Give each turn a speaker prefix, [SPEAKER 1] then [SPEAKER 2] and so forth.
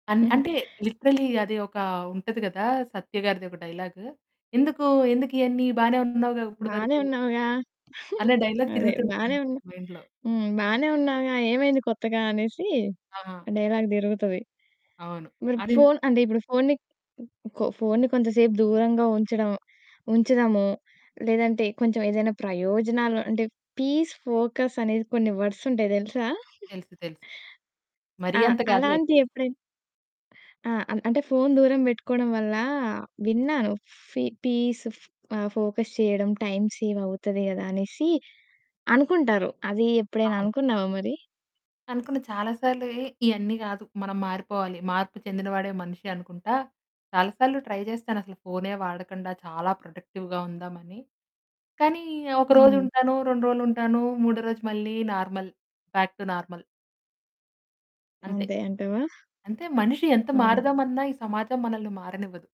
[SPEAKER 1] అన్ అంటే లిటరల్లీ అది ఒక ఉంటది కదా! సత్యగారిది ఒక డైలాగ్. "ఎందుకు? ఎందుకు ఇయన్నీ? బానే ఉన్నావు‌గా ఇప్పడి
[SPEAKER 2] "బానే
[SPEAKER 1] వరకు?"
[SPEAKER 2] ఉన్నావుగా.
[SPEAKER 1] అనే డైలాగ్
[SPEAKER 2] అదే,
[SPEAKER 1] తిరుగుతుంటది
[SPEAKER 2] బానే
[SPEAKER 1] అంతే
[SPEAKER 2] ఉన్నా
[SPEAKER 1] మైండ్‌లో.
[SPEAKER 2] హ్మ్, బానే ఉన్నావుగా. ఏమైంది కొత్తగా" అనేసి
[SPEAKER 1] ఆ!
[SPEAKER 2] డైలాగ్ తిరుగుతది.
[SPEAKER 1] అవును.
[SPEAKER 2] మరి
[SPEAKER 1] అది
[SPEAKER 2] ఫోను అంటే, ఇప్పుడు ఫోనుని, కొ కొ ఫోనుని కొంచెంసేపు దూరంగా ఉంచడం, ఉంచుదాము, లేదంటే కొంచెం ఏదైనా ప్రయోజనాలు అంటే, పీస్, ఫోకస్ అనేది కొన్ని వర్డ్సుంటాయి తెలుసా?
[SPEAKER 1] తెలుసు. తెలుసు. మరి
[SPEAKER 2] ఆ!
[SPEAKER 1] అంత కాదులేండి.
[SPEAKER 2] అలాంటియి ఎప్పుడైనా ఆ! ఆన్ అంటే ఫోను దూరం పెట్టుకోవడం వల్ల, విన్నాను ఫీ పీస్ ఆహ్, ఫోకస్ చేయడం, టైమ్ సేవ్ అవుతది కదా! అనేసి అనుకుంటారు. అది ఎప్పుడైనా
[SPEAKER 1] అవును.
[SPEAKER 2] అనుకున్నావా మరి?
[SPEAKER 1] అనుకున్న చాలా సార్లు ఎహ్! ఇయన్నీ కాదు, మనం మారిపోవాలి. మార్పు చెందిన వాడే మనిషనుకుంటా. చాలా సార్లు ట్రై చేస్తాను. అసలు ఫోనే వాడకండా చాలా ప్రొడక్టివ్‌గా ఉందామని. కానీ ఒకరోజు
[SPEAKER 2] హ్మ్.
[SPEAKER 1] ఉంటాను, 2 రోజులుంటాను. మూడో రోజు మళ్ళీ నార్మల్, బ్యాక్ టు నార్మల్. అంతే.
[SPEAKER 2] అంతే అంటావా?
[SPEAKER 1] అంతే మనిషి ఎంత
[SPEAKER 2] ఆ!
[SPEAKER 1] మారుదామన్న ఈ సమాజం మనల్ని మారనివ్వదు.